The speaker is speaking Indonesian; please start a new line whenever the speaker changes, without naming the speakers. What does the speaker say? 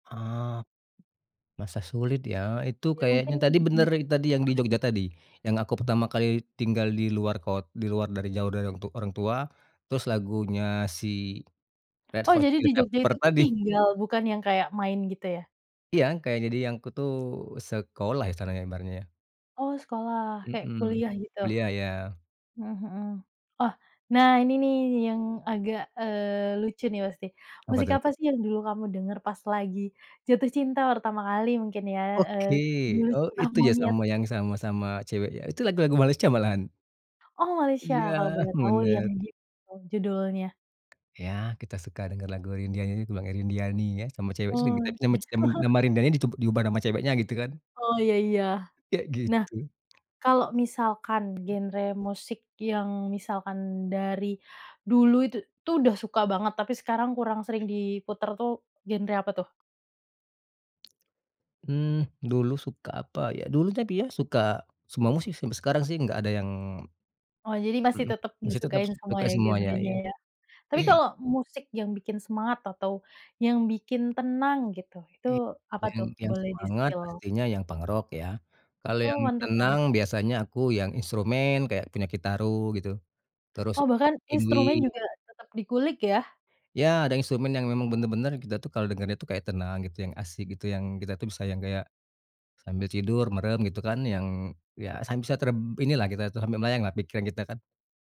Oh, masa sulit ya? Itu
Iya, mungkin
kayaknya tadi
untuk.
bener tadi yang di
[unintelligible]
Jogja tadi, yang aku pertama kali tinggal di luar kot di luar dari jauh dari orang tu orang tua, terus lagunya si Red
Oh,
Hot
jadi
Chili
di Jogja itu
Peppers
tuh
tadi.
tinggal, bukan yang kayak main gitu ya?
Iya, kayak jadi yang aku tuh sekolah ya istilahnya ibaratnya ya.
Oh sekolah, kayak
Mhm,
kuliah gitu.
iya iya.
Mhm mhm. Oh, nah ini nih yang agak, eee, lucu nih pasti.
Apa
Musik
tuh?
apa sih yang dulu kamu denger pas lagi jatuh cinta pertama kali mungkin ya? Eee,
Oke,
dulu tuh
oh
ah,
itu
mau
ya
lihat
sama yang sama-sama cewek ya? Itu lagu-lagu Malaysia malahan.
Oh Malaysia,
Iya,
kalau boleh tahu yang
bener.
[unintelligible] judulnya.
Iya kita suka denger lagu Indriaani [unintelligible] Indrianinya sama cewek sering
Oh,
kita [unintelligible] nama
iya.
nama Rindiani dicoba diubah nama ceweknya gitu kan.
Oh iya iya.
Kayak
Nah,
gitu.
kalau misalkan genre musik yang misalkan dari dulu itu tuh sudah suka banget, tapi sekarang kurang sering diputar tuh, genre apa tuh?
Hmm, dulu suka apa ya? Dulu tapi ya suka semua musik sih, sampai sekarang sih nggak ada yang
Oh, Jadi masih
Mhm,
tetep
masih tetap
disukain semua
suka
ya,
semuanya
genrenya
iya.
ya? Tapi kalau musik yang bikin semangat atau yang bikin tenang gitu, itu
I
apa
yang
tuh
yang
boleh
semangat
di-spill?
pastinya yang punk rock ya. Kalau
Oh
yang
punk rock ya?
tenang biasanya aku yang instrumen kayak punya Kitaro gitu, terus
Oh, bahkan instrumen
Yngwie.
juga tetep di kulik ya?
Iya, ada instrumen yang memang bener-bener kita tuh kalau dengernya tuh kayak dia tuh kayak tenang gitu, yang asik gitu, yang kita tuh bisa yang kayak sambil tidur, merem gitu kan yang iya san bisa terb inilah kita tuh sambil melayang lah pikiran kita kan.